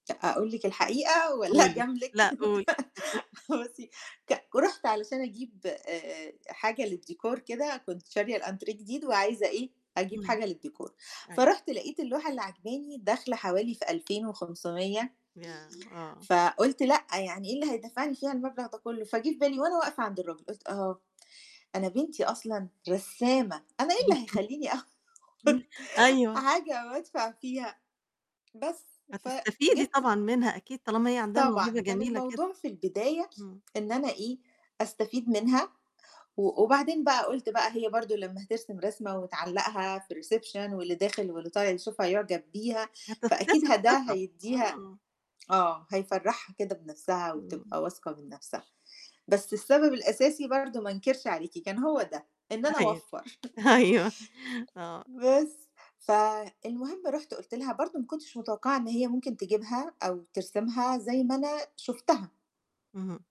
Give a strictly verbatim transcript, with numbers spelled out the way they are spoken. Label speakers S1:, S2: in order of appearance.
S1: أ أقول لِك الحقيقة، والّا
S2: قولي
S1: أجاملِك؟
S2: لأ قولي
S1: بُصي ك رُحت علشان أجيب أ أ حاجة للديكور كده، كنت شارية الأنتريه جديد، وعايزة إيه، أجيب
S2: امم.
S1: حاجة للديكور،
S2: أيوه.
S1: فرُحت لقيت اللوحة اللي عاجباني داخلة حوالي في ألفين وخُمسُمِيّة
S2: ياه! آه.
S1: فقُلت لأ يعني إيه اللي هيدَفّعني فيها المبلغ ده كُلُّه، فجِه في بالي، وأنا واقفة عند الراجل، قُلت أها، أنا بنتي أصلًا رسّامة أنا إيه اللي هيخليني أخُد
S2: امم أيوه.
S1: حاجة وأدفع فيها! بس
S2: هتستفيدي
S1: فجِبت
S2: طبعًا منها أكيد، طالما هي عندها موهبة
S1: طبعًا كان
S2: جميلة كده.
S1: الموضوع في البداية
S2: امم.
S1: إن أنا إيه، أستفيد منها، و وبعدين بقى قُلت بقى هي برضه لمّا هترسم رسمة وتعلّقها في الreception واللي داخل واللي طالع يشوفها يعجب بيها، فأكيد
S2: هتكتسب
S1: ه ده
S2: ثقة،
S1: هيدّيها
S2: آه.
S1: آه هيفَرّحها كده بنفسها،
S2: إمم.
S1: وتبقى واثقة من نفسها، بس السبب الأساسي برضه ما انكرش عليكِ، كان هو ده، إن أنا
S2: أيوه.
S1: أوَفّر
S2: أيوه. آه.
S1: بس. فالمُهم رُحت قلت لها، برضه ما كنتش متوقعة إن هي ممكن تجيبها، أو ترسمها زي ما أنا شُفتها.
S2: اهم.